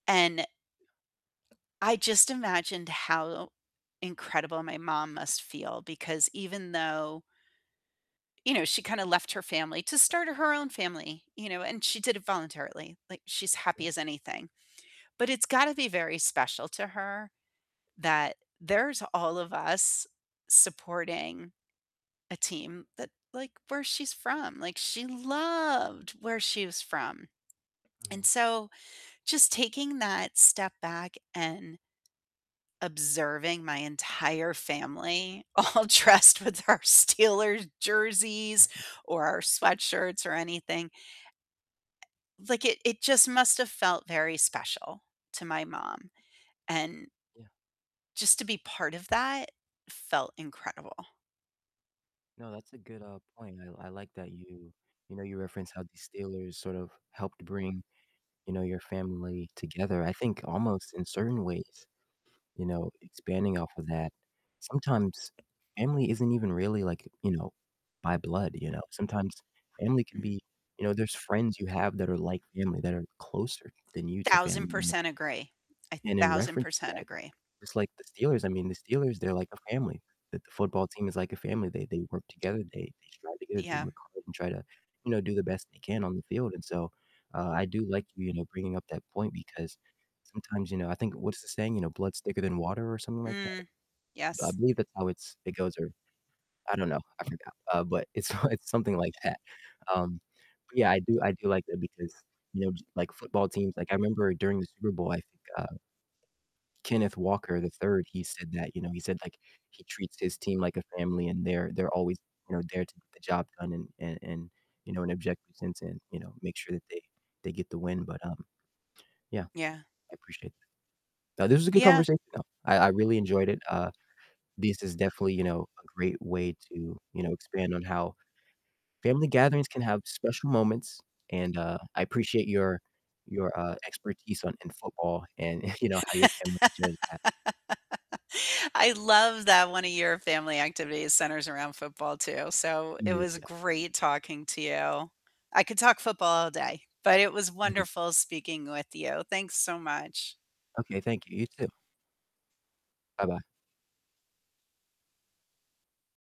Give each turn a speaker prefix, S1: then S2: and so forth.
S1: And I just imagined how incredible my mom must feel because even though you know, she kinda left her family to start her own family, you know, and she did it voluntarily. Like, she's happy
S2: Yeah.
S1: as anything. But it's gotta be very special to her that there's all of us supporting a team that, like, where she's from. Like, she loved where she was from. And
S2: Mhm.
S1: so just taking that step back and observing my entire family all dressed with our Steelers jerseys or our sweatshirts or anything like, it it just must have felt very special to my mom, and
S2: Yeah.
S1: just to be part of that felt incredible.
S2: No, that's a good, uh, point. I I like that you, you know, you referenced how the Steelers sort of helped bring, you know, your family together. I think almost in certain ways, you know, expanding off of that, sometimes family isn't even really like, you know, by blood, you know? Sometimes family can
S1: Mhm.
S2: be You know, there's friends you have that are like family, that are closer than you to
S1: Thousand
S2: family mem
S1: percent agree, a
S2: And in
S1: thousand
S2: reference to
S1: percent
S2: that,
S1: agree.
S2: it's like the Steelers. I mean, the Steelers, they're like a family, the the football team is like a family, they they work together, they they strive together, they
S1: Yeah.
S2: work hard and try to, you know, do the best they can on the field and so, uh, I do like you, you know, bringing up that point because sometimes, you know, I think What's the saying? You know, blood's thicker than water or something like that.
S1: Mm.
S2: I
S1: Yes.
S2: believe that's how it's it goes or I don't know, I forgot, uh, but it's it's something like that. Um, but yeah, I do I do like that because, you know, like football teams Like I remember during the Super Bowl, I think, uh Kenneth Walker III, he said that, you know, he said, like, he treats his team like a family and they're they're always, you know, there to get the job done and and and, you know, an objective sense and, you know, make sure that they they get the win. But, um, yeah,
S1: Yeah.
S2: I appreciate that. No, this was a good
S1: Yeah.
S2: conversation though, I I really enjoyed it, uh, this is definitely, you know, a great way to, you know, expand on how family gatherings can have special moments and, uh, I appreciate your your, uh, expertise on in football and, you know, how your family shares that.
S1: I love that one of your family activities centers around football too. So it was
S2: Yeah.
S1: great talking to you. I could talk football all day, but it was
S2: Mhm.
S1: wonderful speaking with you, thanks so much.
S2: Okay, thank you, you too. Bye-bye.